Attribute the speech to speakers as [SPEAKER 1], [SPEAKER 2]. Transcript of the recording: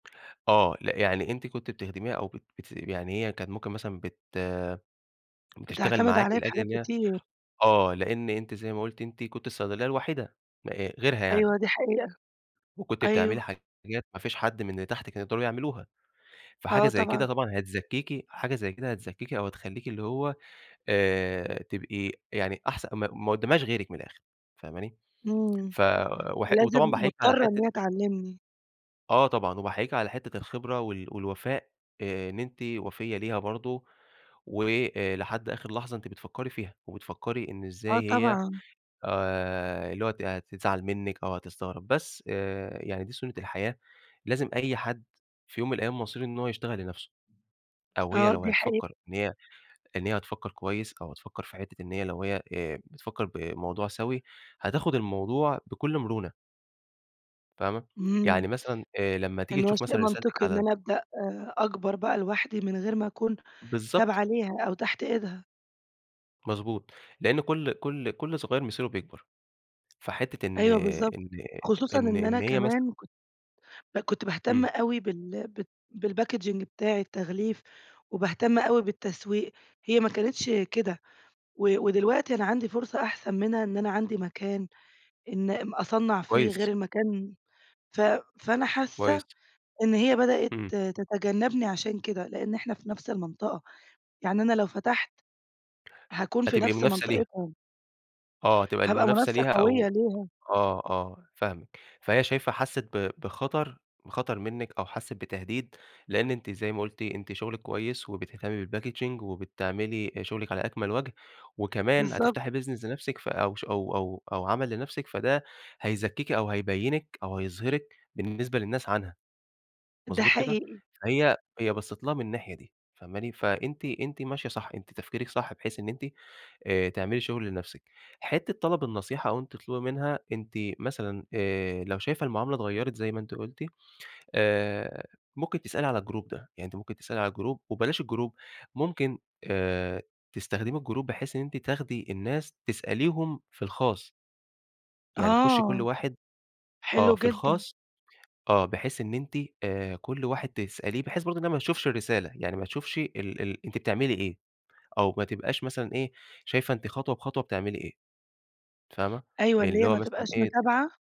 [SPEAKER 1] آه. لأ، يعني أنتِ كنتِ بتخدميها أو بت بتث يعني هي كانت ممكن مثلًا بت بتشتغل
[SPEAKER 2] بتعتمد
[SPEAKER 1] معاكِ
[SPEAKER 2] عليّا في
[SPEAKER 1] لأجل
[SPEAKER 2] حاجات
[SPEAKER 1] إن هي
[SPEAKER 2] كتير.
[SPEAKER 1] آه. لإن أنتِ زي ما قُلتِ أنتِ كنتِ الصيدلية الوحيدة م آآ غيرها
[SPEAKER 2] أيوه
[SPEAKER 1] يعني.
[SPEAKER 2] دي حقيقة.
[SPEAKER 1] وكنتِ بتعملي
[SPEAKER 2] أيوه.
[SPEAKER 1] حاجات ما فيش حد من اللي تحت كانوا يقدروا يعملوها، فحاجة
[SPEAKER 2] آه
[SPEAKER 1] زي كده
[SPEAKER 2] طبعًا.
[SPEAKER 1] طبعًا هتزكّيكِ حاجة زي كده هتزكّيكِ أو هتخلّيكِ اللي هو آآ تبقي يعني أحسن ما ق ما قُدّامهاش غيرك من الآخِر فاهماني؟
[SPEAKER 2] إمم.
[SPEAKER 1] ف وح وطبعًا
[SPEAKER 2] فلازم
[SPEAKER 1] بأحييكِ على
[SPEAKER 2] مضطرة إن
[SPEAKER 1] حتّة
[SPEAKER 2] هي تعلّمني.
[SPEAKER 1] آه طبعًا وباحييكِ على حتّة الخبرة وال والوفاء آآ إن أنتِ وفيّة ليها برضه، وآآ لحد آخِر لحظة أنتِ بتفكّري فيها وبتفكّري إن
[SPEAKER 2] آه
[SPEAKER 1] إزاي هي
[SPEAKER 2] طبعًا.
[SPEAKER 1] آآ اللي هو ت هتزعل منِّك أو هتستغرب، بس آآ يعني دي سُنة الحياة، لازم أي حد في يوم من الأيام مصيره إن هو يشتغل لنفسه، أو هي
[SPEAKER 2] آه،
[SPEAKER 1] لو
[SPEAKER 2] دي حقيقة.
[SPEAKER 1] هتفكّر إن هي إن هي هتفكّر كويس، أو هتفكّر في حتّة إن هي لو هي آآ بتفكّر بموضوع سَوِي، هتاخُد الموضوع بكل مرونة. فاهمة؟
[SPEAKER 2] إمم.
[SPEAKER 1] يعني مثلًا آآ لمّا تيجي
[SPEAKER 2] إن هو
[SPEAKER 1] تشوف
[SPEAKER 2] شيء
[SPEAKER 1] مثلًا رسالتِك
[SPEAKER 2] منطقي
[SPEAKER 1] على
[SPEAKER 2] إن
[SPEAKER 1] ال
[SPEAKER 2] أنا أبدأ آآ أكبر بقى لوحدي من غير ما أكون
[SPEAKER 1] بالضبط.
[SPEAKER 2] تابعة ليها أو تحت إيدها.
[SPEAKER 1] مضبوط. لإن كل كل كل صغير مصيره بيكبر، فحتّة إن
[SPEAKER 2] أيوه بالضبط.
[SPEAKER 1] إن
[SPEAKER 2] خصوصًا
[SPEAKER 1] إن
[SPEAKER 2] إن أنا
[SPEAKER 1] إن هي مثلًا
[SPEAKER 2] كمان كت ب كنت باهتم
[SPEAKER 1] إمم.
[SPEAKER 2] أوي بال بت بالPackaging بتاعي التغليف وباهتم أوي بالتسويق، هي ما كانتش كده. و ودلوقتي أنا عندي فرصة أحسن منها إن أنا عندي مكان إن ام أصنّع فيه غير
[SPEAKER 1] كويس.
[SPEAKER 2] المكان ف فأنا حاسّة
[SPEAKER 1] كويس.
[SPEAKER 2] إن هي بدأت
[SPEAKER 1] إمم.
[SPEAKER 2] تتجنّبني عشان كده، لإن إحنا في نفس المنطقة. يعني أنا لو فتحت هاكون في
[SPEAKER 1] هتبقي
[SPEAKER 2] نفس
[SPEAKER 1] منافسة ليها.
[SPEAKER 2] منطقتهم.
[SPEAKER 1] آه. هتبقى
[SPEAKER 2] هابقى
[SPEAKER 1] المنافسة
[SPEAKER 2] منافسة
[SPEAKER 1] ليها
[SPEAKER 2] قويّة
[SPEAKER 1] أو
[SPEAKER 2] ليهم.
[SPEAKER 1] آه، آه فاهمِك. فهي شايفة حسّت ب بخطر بخطر منِّك أو حسّت بتهديد، لإن أنتِ زي ما قلتِ، أنتِ شُغلِك كويس وبتهتمّي بالPackaging وبتعملي شُغلِك على أكمل وَجه، وكمان
[SPEAKER 2] بالضبط.
[SPEAKER 1] هتفتحي Business لنفسِك فأو ش أو أو أو عمل لنفسِك، فده هيزكّيكِ أو هيبيّنِك أو هيظهرِك بالنسبة للناس عنها،
[SPEAKER 2] ده
[SPEAKER 1] مضبوط كده؟
[SPEAKER 2] حقيقي.
[SPEAKER 1] فهي هي بصَّت لها من الناحية دي فاهماني؟ فأنتِ أنتِ ماشية صح، أنتِ تفكيرِك صح بحيث إن أنتِ آآ تعملي شُغل لنفسِك. حتّة طلب النصيحة أو أنتِ تطلُبي منها، أنتِ مثلًا آآ لو شايفة المعاملة اتغيّرت زي ما أنتِ قلُتِ، آآ ممكن تسألي على الGroup ده. يعني أنتِ ممكن تسألي على الGroup وبلاش الGroup، ممكن آآ تستخدمي الGroup بحيث إن أنتِ تاخدي الناس تسأليهم في الخاص. يعني تخُشّي كل
[SPEAKER 2] آه.
[SPEAKER 1] واحد آه.
[SPEAKER 2] حلو
[SPEAKER 1] في
[SPEAKER 2] جدًا.
[SPEAKER 1] الخاص آه. بحيث إن أنتِ آآ كل واحد تسأليه بحيث برضه إنّها ما تشوفش الرسالة. يعني ما تشوفش ال ال أنتِ بتعملي إيه أو ما تبقاش مثلًا إيه، شايفه أنتِ خطوة بخطوة بتعملي إيه فاهمة؟
[SPEAKER 2] أيوه، اللي
[SPEAKER 1] اللي
[SPEAKER 2] هي
[SPEAKER 1] هو
[SPEAKER 2] ما
[SPEAKER 1] مثلًا
[SPEAKER 2] تبقاش
[SPEAKER 1] إيه ت
[SPEAKER 2] متابعة؟